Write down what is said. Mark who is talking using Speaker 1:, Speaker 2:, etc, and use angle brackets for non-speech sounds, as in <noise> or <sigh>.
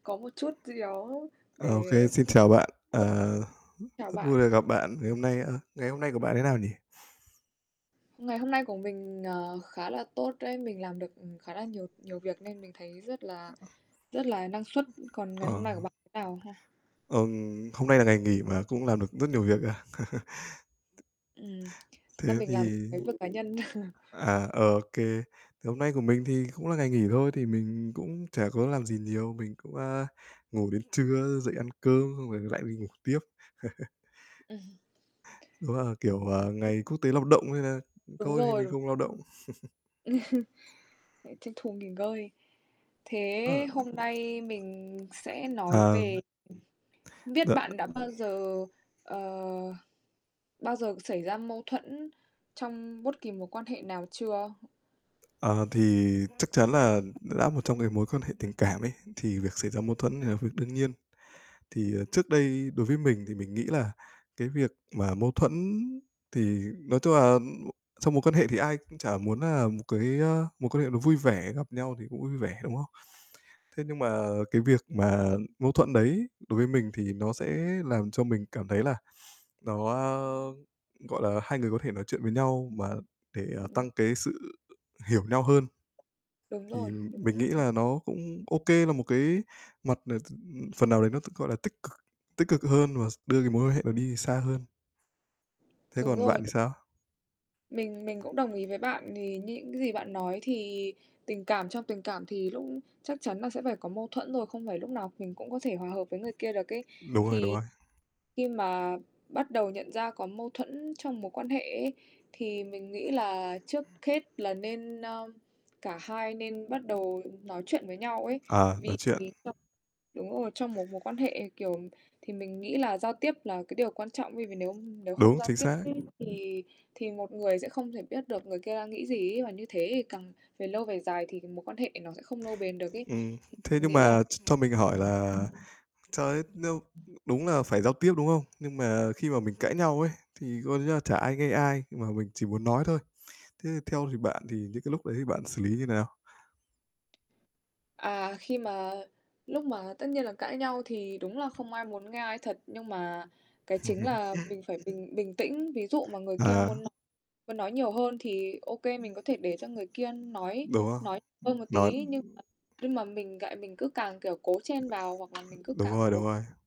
Speaker 1: Có một chút gì đó để
Speaker 2: OK, xin chào bạn.
Speaker 1: <unintelligible>
Speaker 2: Ờ,
Speaker 1: chào
Speaker 2: rất vui
Speaker 1: bạn.
Speaker 2: được gặp bạn. Ngày hôm nay, ơ, ngày hôm nay của bạn thế nào nhỉ?
Speaker 1: Ngày hôm nay của mình, ờ, khá là tốt đấy. Mình làm được khá là nhiều nhiều việc nên mình thấy rất là
Speaker 2: Ờ, ừm.
Speaker 1: rất là năng suất, còn ngày
Speaker 2: Ờ.
Speaker 1: hôm nay của bạn thế nào ha?
Speaker 2: Ừm, hôm nay là ngày nghỉ mà cũng làm được rất nhiều việc à? <chuckles>
Speaker 1: Ừm, nay
Speaker 2: Thế
Speaker 1: mình làm
Speaker 2: thì
Speaker 1: cái việc cá nhân. <chuckles>
Speaker 2: À, OK. Thì hôm nay của mình thì cũng là ngày nghỉ thôi, thì mình cũng chả có làm gì nhiều. Mình cũng, a, ngủ đến trưa, dậy ăn cơm, xong rồi lại đi ngủ tiếp. <chuckles>
Speaker 1: Ừm. <chuckles>
Speaker 2: Đó là, kiểu, ờ,
Speaker 1: Ừ.
Speaker 2: ngày Quốc tế Lao động nên là
Speaker 1: Đúng
Speaker 2: thôi thì mình
Speaker 1: rồi.
Speaker 2: không lao động. <chuckles>
Speaker 1: <chuckles> Lại tranh thủ nghỉ ngơi.
Speaker 2: Ờ.
Speaker 1: Thế hôm nay mình sẽ nói về
Speaker 2: Ờm.
Speaker 1: hông
Speaker 2: Đ
Speaker 1: biết bạn đã bao giờ, ờ, bao giờ xảy ra mâu thuẫn trong bốt kỳ mối quan hệ nào chưa?
Speaker 2: Ờ, thì chắc chắn là đã một trong cái mối quan hệ tình cảm ấy, thì việc xảy ra mâu thuẫn là việc đương nhiên. Thì trước đây đối với mình thì mình nghĩ là cái việc mà mâu thuẫn thì nói tung là m trong mối quan hệ thì ai cũng chả muốn, à, một cái, ơ, mối quan hệ nó vui vẻ, gặp nhau thì cũng vui vẻ, đúng không? Thế nhưng mà cái việc mà mâu thuẫn đấy đối với mình thì nó sẽ làm cho mình cảm thấy là nó, ơ, gọi là, hai người có thể nói chuyện với nhau mà để
Speaker 1: Ừm.
Speaker 2: tăng cái sự hiểu nhau hơn,
Speaker 1: Đúng
Speaker 2: thì
Speaker 1: rồi, đúng rồi.
Speaker 2: mình nghĩ
Speaker 1: Ừm.
Speaker 2: là nó cũng OK, là một cái mặt, ờ, t phần nào đấy t nó, gọi là, tích cực, tích cực hơn và s đưa cái mối quan hệ đó đi xa hơn. Thế
Speaker 1: Đúng
Speaker 2: còn bạn
Speaker 1: rồi.
Speaker 2: thì sao?
Speaker 1: Mình mình cũng đồng ý với bạn. Thì như những gì bạn nói thì tình cảm trong tình cảm thì lúc chắc chắn là sẽ phải có mâu thuẫn rồi, không phải lúc nào mình cũng có thể hòa hợp với người kia được ấy.
Speaker 2: Đúng rồi, đúng
Speaker 1: Thì
Speaker 2: rồi.
Speaker 1: khi mà bắt đầu nhận ra có mâu thuẫn trong mối quan hệ ấy, thì mình nghĩ là trước hết là nên ơ, cả hai nên bắt đầu nói chuyện với nhau ấy.
Speaker 2: À,
Speaker 1: Vì
Speaker 2: nói chuyện.
Speaker 1: <unintelligible> đúng rồi, trong một mối quan hệ, kiểu, thì mình nghĩ là giao tiếp là cái điều quan trọng ấy, vì nếu nếu không
Speaker 2: Đúng,
Speaker 1: giao
Speaker 2: chính
Speaker 1: tiếp
Speaker 2: xác.
Speaker 1: ấy, thì thì một người sẽ không thể biết được người kia đang nghĩ gì ấy, và như thế thì càng về lâu về dài thì c mối quan hệ nó sẽ không nâu bền được ấy.
Speaker 2: Ừm.
Speaker 1: Thì
Speaker 2: Thế
Speaker 1: mình
Speaker 2: nhưng
Speaker 1: nghĩ là
Speaker 2: mà ch cho mình hỏi là cho, ơ, nếu đúng nà phải giao tiếp, đúng không? Nhưng mà khi mà mình cãi nhau ấy, thì coi như là chả ai nghe ai mà mình chỉ muốn nói thôi. Thế theo thì bạn thì những cái lúc đấy thì bạn xử lý như thế nào?
Speaker 1: À, khi mà lúc mà tất nhiên là cãi nhau thì đúng là không ai muốn nghe ai thật, nhưng mà cái chính là
Speaker 2: <chuckles>
Speaker 1: mình phải bình bình tĩnh. Ví dụ mà người kia
Speaker 2: À.
Speaker 1: muốn n muốn nói nhiều hơn thì, OK, mình có thể để cho người kia nói
Speaker 2: Đúng không?
Speaker 1: nói hơn một
Speaker 2: Nó
Speaker 1: tí, nhưng mà nhưng mà mình lại mình cứ càng, kiểu, cố chen vào hoặc là mình cứ
Speaker 2: Đúng
Speaker 1: càng
Speaker 2: rồi, đúng
Speaker 1: cố
Speaker 2: rồi.